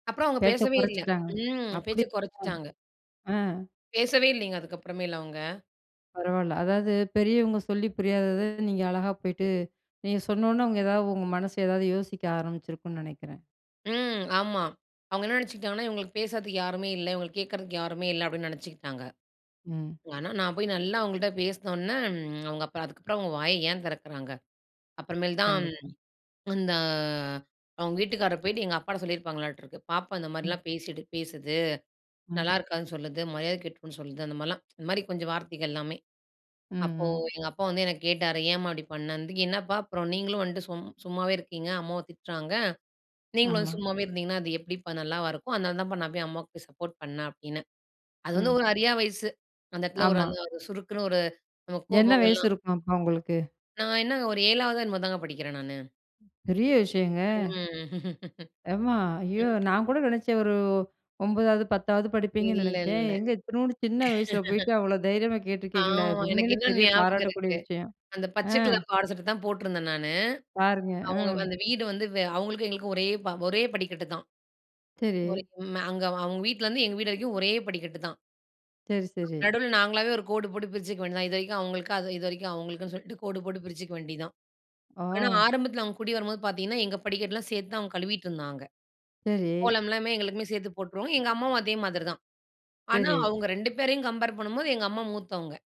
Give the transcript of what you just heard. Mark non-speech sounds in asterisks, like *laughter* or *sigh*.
அப்புறம் அவுங்க பேச்ச பேசவே இல்ல. குறைச்சிட்டாங்க. ம், பேச்ச அப்பிடியா? கொறச்சுட்டாங்க. அ. பேசவே இல்லேங்க அதுக்கப்புறமேலு அவுங்க. பரவால்ல. அதாவது பெரியவங்க சொல்லி புரியாதத நீங்க அழகா போயிட்டு நீங்க சொன்னவுனே, அவுங்க எதாவது உங்க மனசு எதாவது யோசிக்க ஆரம்பிச்சிருக்குன்னு நெனைக்கிறேன். ம் ஆமா. அவுங்க என்ன நெனைச்சுட்டாங்கன்னா, இவுங்களுக்கு பேசுறதுக்கு யாருமே இல்ல. இவுங்கள கேக்குறதுக்கு யாருமே இல்ல அப்பிடின்னு நெனைச்சுக்கிட்டாங்க. ம். ஆனா, நான் போய் நல்லா அவுங்கள்ட்ட பேசுனவுனே, ம், அவுங்க அப்ப அதுக்கப்புறம் அவுங்க வாய ஏன் திறக்குறாங்க? அப்புறமேல் தான். கண்டிப்பா. ம். அந்த அவுங்க வீட்டுக்காரர் போயிட்டு எங்க அப்பாட்ட சொல்லியிருப்பாங்களாட்டருக்கு. பாப்பா ம். இந்தமாரிலாம் பேசிட்டு, பேசுது ம். நல்லாயிருக்காதுன்னு சொல்லுது. மரியாதை கெட்டுப்போயிரும்ன்னு சொல்லுது, அந்தமாரிலாம், *tsk* இந்தமாரி கொஞ்சம் வார்த்தைகள் எல்லாமே. ம், அப்போ ம். எங்க அப்பா வந்து என்ன கேட்டாரு, "ஏம்மா அப்பிடி பண்ணேண்துக்கு?" "என்னப்பா! அப்புறம் நீங்களும் வந்துட்டு சும் சும்மாவே இருக்கீங்க. அம்மாவும் திட்றாங்க. நீங்களும் வந்து ஆமா. சும்மாவே இருந்தீங்கன்னா, அது எப்பிடிப்பா நல்லாவா இருக்கும்? அதனால தான்ப்பா நான் போய் அம்மாவுக்கு போய் சப்போர்ட் பண்ணேன்" அப்பிடின்னேன். அது வந்து ம். ஒரு அறியா வயசு. அந்த இடத்துல ஒரு ஆமா. அந்த ஒரு சுருக்குன்னு ஒரு நம்ம என்ன வயசு கோபங்கள்லாம் இருக்கும் அப்ப உங்களுக்கு? நான் என்னங்க ஒரு 7 வதோ என்னமோ தாங்க படிக்கிறேன் நானு. பெரிய விஷயங்க ம் *laughs* ஆமா, ஐயோ! ம். நான் கூட நெனைச்சேன் ஒரு 9 வது, 10 வது படிப்பீங்கன்னு இல்ல, நெனைச்சேன். இல்ல. *laughs* எங்க இத்துணூன்டு சின்ன வயசில போயிட்டு அவ்ளோ தைரியமா கேட்டுருக்கீங்களே! ஆமா, எனக்கு உண்மையிலே இன்னும் பெரிய ஞாபகம் பாராட்டக்கூடிய இருக்கு. விஷயம். அந்த பச்ச ஆ. கலர் பாவாட சட்ட தான் போட்டிருந்தேன் நானு. பாருங்க. ம். அவுங்க அந்த வீடு வந்து வெ அவுங்களுக்கும் எங்களுக்கும் ஒரே ப ஒரே படிக்கட்டு தான். ஒரே சரி. ம் அங்க அவுங்க வீட்லேருந்து எங்க வீடு வரைக்கும் ஒரே படிக்கட்டு தான். சரி, சரி. நடுவில நாங்களாவே ஒரு கோடு போட்டு பிரிச்சுக்க வேண்டியதுதான். இதுவரைக்கும் அவுங்களுக்கு, அது இது வரைக்கும் அவுங்களுக்குன்னு சொல்லிட்டு கோடு போட்டு பிரிச்சுக்க வேண்டியது தான். ஆனா, ஓ! ஆரம்பத்தில அவங்க குடி வரும்போது பார்த்தீங்கன்னா, எங்க படிக்கடலாம் சேர்த்து தான் அவுங்க கழுவிட்டு இருந்தாங்க. சரி. கோலம்லாமே எங்களுக்குமே சேர்த்து போட்ருவாங்க எங்க அம்மாவும் அதே மாதிரி தான். ஆனா சரி. அவுங்க 2 பேரையும் கம்பேர் பண்ணும்போது எங்க அம்மா மூத்தவங்க.